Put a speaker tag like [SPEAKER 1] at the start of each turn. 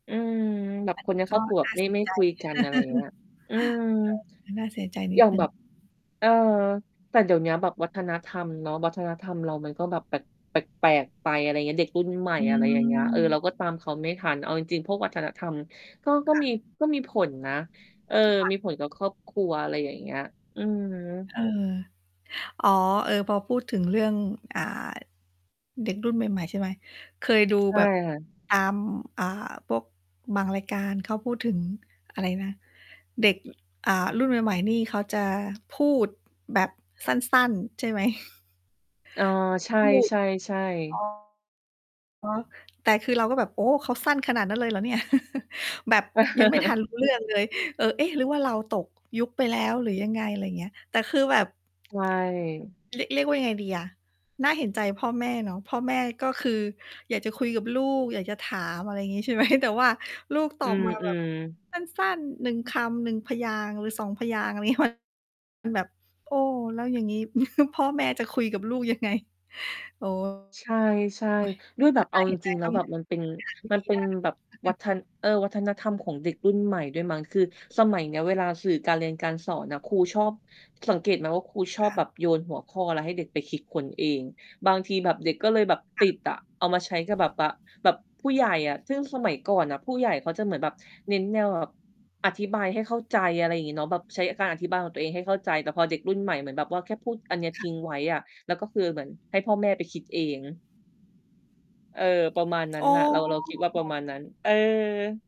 [SPEAKER 1] อืม แบบ
[SPEAKER 2] อัน
[SPEAKER 1] ค
[SPEAKER 2] น
[SPEAKER 1] น
[SPEAKER 2] ี้
[SPEAKER 1] ในค
[SPEAKER 2] ก
[SPEAKER 1] รอ
[SPEAKER 2] ็
[SPEAKER 1] บครัวแ
[SPEAKER 2] น
[SPEAKER 1] บ
[SPEAKER 2] ่
[SPEAKER 1] บ
[SPEAKER 2] า
[SPEAKER 1] ไม
[SPEAKER 2] เ
[SPEAKER 1] ่
[SPEAKER 2] สี
[SPEAKER 1] ไ
[SPEAKER 2] ย
[SPEAKER 1] ม่
[SPEAKER 2] ใจ
[SPEAKER 1] คุยกัน อะไรอย่างเงี้ย อืม
[SPEAKER 2] น่าเสียใจน
[SPEAKER 1] อ
[SPEAKER 2] ิ
[SPEAKER 1] ย
[SPEAKER 2] ด
[SPEAKER 1] ่าง
[SPEAKER 2] หนึ
[SPEAKER 1] แ
[SPEAKER 2] ่
[SPEAKER 1] บ
[SPEAKER 2] ง
[SPEAKER 1] บ เออ แต่เดี๋ยวนี้แบบวัฒนธรรมเนาะ วัฒนธรรมเรามันก็แบบแปลก แปลก ๆ ไป อะไรอย่างเงี้ย เด็กรุ่นใหม่
[SPEAKER 2] อื
[SPEAKER 1] อะไรอย่างเงี้ย เออ เรา
[SPEAKER 2] ม
[SPEAKER 1] ก็ตามเขาไม่ทัน เอาจริง ๆ พวกวัฒนธรรม ก็ ก็
[SPEAKER 2] ค่ะ
[SPEAKER 1] มี ก็มีผลนะ เออ
[SPEAKER 2] ค่ะ
[SPEAKER 1] มีผลกับครอบครัว อะไรอย่างเงี้ย อืม
[SPEAKER 2] เออ อ๋อ เออ พอพูดถึงเรื่อง อ่า เด็กรุ่นใหม่ ๆ ใช่ไหม เคยดู
[SPEAKER 1] ใช
[SPEAKER 2] แ
[SPEAKER 1] ่
[SPEAKER 2] บบ
[SPEAKER 1] ค่ะ
[SPEAKER 2] ตาม อ่า พวกบางรายการเขาพูดถึงอะไรนะ เด็ก อ่า รุ่นใหม่ ๆ นี่เขาจะพูดแบบสั้น ๆ ใช่ไหม?
[SPEAKER 1] เออ ใช
[SPEAKER 2] พูด
[SPEAKER 1] ่
[SPEAKER 2] อ๋
[SPEAKER 1] ๆ
[SPEAKER 2] อ
[SPEAKER 1] ๆ
[SPEAKER 2] แต่คือเราก็แบบ โอ้ เขาสั้นขนาดนั้นเลย เหรอเนี่ย แบบยังไม่ทัน รู้ เรื่องเลย เออ เอ๊ะ หรือว่าเราตกยุคไปแล้ว หรือยังไง อะไรอย่างเงี้ย แต่คือแบบ
[SPEAKER 1] ใช่
[SPEAKER 2] เรียก เรียกว่ายังไงดีอะ น่าเห็นใจพ่อแม่เนาะ พ่อแม่ก็คืออยากจะคุยกับลูก อยากจะถาม อะไรอย่างงี้ ใช่ ไหม แต่ว่าลูกต
[SPEAKER 1] อ
[SPEAKER 2] อ
[SPEAKER 1] ื
[SPEAKER 2] บมาแบบ
[SPEAKER 1] อ ๆ
[SPEAKER 2] สั้น ๆ 1 คำ 1 พยางค์ หรือ 2 พยางค์ อะไรนี้ มัน แบบ โอ้ แล้วอย่างงี้ พ่อแม่จะคุยกับลูกยัง ไง โอ้
[SPEAKER 1] ใช่
[SPEAKER 2] ย
[SPEAKER 1] ๆ ด้วยแบบ เ
[SPEAKER 2] ถ
[SPEAKER 1] อ
[SPEAKER 2] ้า
[SPEAKER 1] า
[SPEAKER 2] เห
[SPEAKER 1] จ
[SPEAKER 2] ็นใจ
[SPEAKER 1] ริง ๆ แล
[SPEAKER 2] ต
[SPEAKER 1] ้
[SPEAKER 2] ้
[SPEAKER 1] ว
[SPEAKER 2] อง
[SPEAKER 1] แบบ มันเป็น
[SPEAKER 2] หาวิ
[SPEAKER 1] มั
[SPEAKER 2] ธ
[SPEAKER 1] น
[SPEAKER 2] ี
[SPEAKER 1] เป็นแบบวัฒน เอ่อ วัฒนธรรมของเด็กรุ่นใหม่ด้วยมั้ง คือสมัยเนี้ยเวลาสื่อการเรียนการสอนน่ะ ครูชอบ สังเกตไหมว่าครูช
[SPEAKER 2] ค
[SPEAKER 1] อบ
[SPEAKER 2] ่
[SPEAKER 1] แ
[SPEAKER 2] ะ
[SPEAKER 1] บบโยนหัวข้ออะไรให้เด็กไปคิดค้นเอง บางทีแบบเด็กก็เลยแบบ
[SPEAKER 2] ค
[SPEAKER 1] ต
[SPEAKER 2] ่
[SPEAKER 1] ิดอะ เอามาใช้กับแบบ
[SPEAKER 2] ะ
[SPEAKER 1] ว่า แบบผู้ใหญ่อะ ซึ่งสมัยก่อนน่ะ ผู้ใหญ่เขาจะเหมือนแบบเน้นแนวแบบอธิบายให้เข้าใจ อะไรอย่างงี้เนาะ แบบใช้การอธิบายของตัวเองให้เข้าใจ แต่พอเด็กรุ่นใหม่เหมือนแบบว่าแค่พูดอันเนี้ย
[SPEAKER 2] ค
[SPEAKER 1] ท
[SPEAKER 2] ่ะ
[SPEAKER 1] ิ้งไว้อะ แล้วก็คือเหมือนให้พ่อแม่ไปคิดเอง เออ ประมาณนั้
[SPEAKER 2] อ๋
[SPEAKER 1] นน่ะ เรา เราค
[SPEAKER 2] อ
[SPEAKER 1] ิดว่าประมาณนั้น เออ